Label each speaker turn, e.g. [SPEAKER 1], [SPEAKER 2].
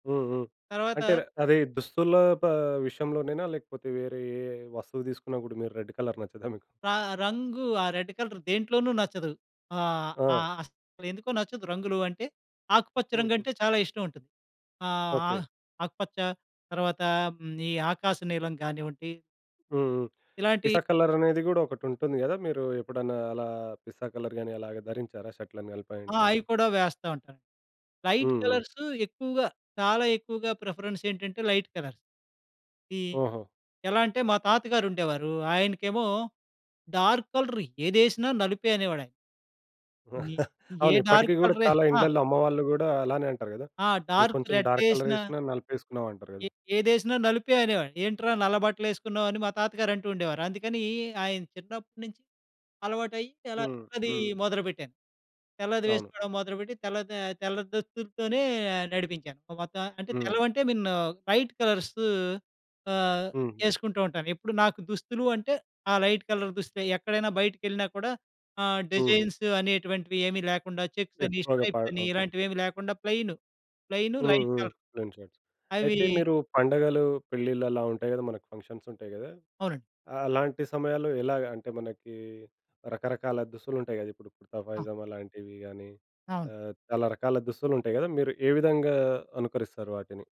[SPEAKER 1] హ్మ్. హ్మ్. అంటే,
[SPEAKER 2] తరవాత
[SPEAKER 1] అది దుస్తుల్లో ప విషయంలోనేనా? లేకపోతే, వేరే ఏ వస్తువు తీసుకున్న గూడా, మీరు రెడ్డ్ కలర్ నచ్చదా మీకు?
[SPEAKER 2] రా రంగు ఆ రెడ్డ్ కలర్ దేంట్లోను నచ్చదు. ఆహ్,
[SPEAKER 1] ఆ!
[SPEAKER 2] ఆహ్, అ‌సలెందుకో నచ్చదు. రంగులూ అంటే, ఆకుపచ్చ
[SPEAKER 1] హుహు.
[SPEAKER 2] రంగంటే చాలా ఇష్టవుంటది. ఆహ్,
[SPEAKER 1] ఓకే.
[SPEAKER 2] ఆహ్, ఆకుపచ్చ. తరువాత, హ్మ్, ఈ ఆకాశ నీలం కానివ్వండి.
[SPEAKER 1] హ్మ్.
[SPEAKER 2] ఇలాంటి
[SPEAKER 1] పిస్తా కలరనేది గూడా ఒకటుంటుంది గదా! మీరూ ఎప్పుడన్నా అలా పిస్తా కలర్ గానీ అలాగ ధరించారా షర్ట్‌లని గానీ,
[SPEAKER 2] ఆ! అయి
[SPEAKER 1] ప్యాంట్లని?
[SPEAKER 2] కూడా వేస్తా ఉంటాను. లైట్
[SPEAKER 1] హ్మ్. హ్మ్.
[SPEAKER 2] కలర్స్ ఎక్కువుగా చాలా ఎక్కువగా ప్రిఫరెన్స్ ఏంటంటే లైట్ కలర్స్. ఈ
[SPEAKER 1] ఓహో!
[SPEAKER 2] ఎలా అంటే మా తాత గారుండేవారూ. ఆయనకేమో, డార్క్ కలర్ ఏదసినా నలుపే అనేవాడయాన. ని ఏ
[SPEAKER 1] అవును. ఇప్పటికి
[SPEAKER 2] డార్క్
[SPEAKER 1] గూడా
[SPEAKER 2] కలర్ యే
[SPEAKER 1] చాలా
[SPEAKER 2] ఆ!
[SPEAKER 1] ఇండ్లల్ల అమ్మవాళ్ళు గూడా అలానే అంటారు గదా!
[SPEAKER 2] ఆ!
[SPEAKER 1] ఏ
[SPEAKER 2] డార్క్
[SPEAKER 1] కొంచం డార్క్
[SPEAKER 2] రెడ్డేసినా
[SPEAKER 1] కలరేసినా నలుపేసుకున్నావంటారు గదా!
[SPEAKER 2] ఎ ఏదేసినా నలుపే అనేవాడు. ఏంట్రా నల్ల బట్టలేసుకున్నావని మా తాతగారు అంటూండేవారు. అందుకనీ ఆయన చిన్నప్పుడు నుంచి అలవాటయ్యి అలా
[SPEAKER 1] హ్మ్.
[SPEAKER 2] అదీ
[SPEAKER 1] హ్మ్.
[SPEAKER 2] మొదలుపెట్టాను. తెల్లది
[SPEAKER 1] అవును.
[SPEAKER 2] వేసుకోడం మొదలుబెట్టి, తెల్ల ద తెల్ల దుస్తులుతోనే నడిపించాను. ఓ వద్దా అంటే,
[SPEAKER 1] హ్మ్.
[SPEAKER 2] తెల్లవంటే మిన్న్ లైట్ కలర్స్ ఆహ్,
[SPEAKER 1] హ్మ్.
[SPEAKER 2] యేసుకుంటూ ఉంటాను. ఎప్పుడు నాకు దుస్తులు అంటే, ఆ లైట్ కలర్ దుస్తులే, ఎక్కడైనా బయటకెళ్ళినా కూడా ఆహ్,
[SPEAKER 1] హుహు.
[SPEAKER 2] డిజైన్స్ అనేటువంటివి ఏమీ లేకుండా చెక్సని,
[SPEAKER 1] ఎక్కువగా ప
[SPEAKER 2] స్ట్రైప్స‌ని,
[SPEAKER 1] ఓకే.
[SPEAKER 2] ఇలాంటివేవీ లేకుండా ప్లెయిను. ప్లెయిను
[SPEAKER 1] హ్మ్.
[SPEAKER 2] లైట్
[SPEAKER 1] హ్మ్.
[SPEAKER 2] కలర్.
[SPEAKER 1] ప్లేన్‌‌షర్ట్స్.
[SPEAKER 2] అవీ
[SPEAKER 1] అయితే, మీరు పండుగలు, పెళ్ళిళ్ళు అలా ఉంటాయి గదా మనకు ఫంక్షన్సుంటాయి గదా!
[SPEAKER 2] అవునండి.
[SPEAKER 1] అలాంటి సమయాల్లో ఎలాగా? అంటే, మనకీ రకరకాల దుస్తులుంటాయి గదా! ఇప్పుడు కుర్తా,
[SPEAKER 2] ఆ!
[SPEAKER 1] పైజామాలాంటివి గానీ,
[SPEAKER 2] అవును.
[SPEAKER 1] అహ్, చాలా రకాల దుస్తులుంటాయి గదా! మీరు ఏ విధంగా అనుకరిస్తారు వాటిని?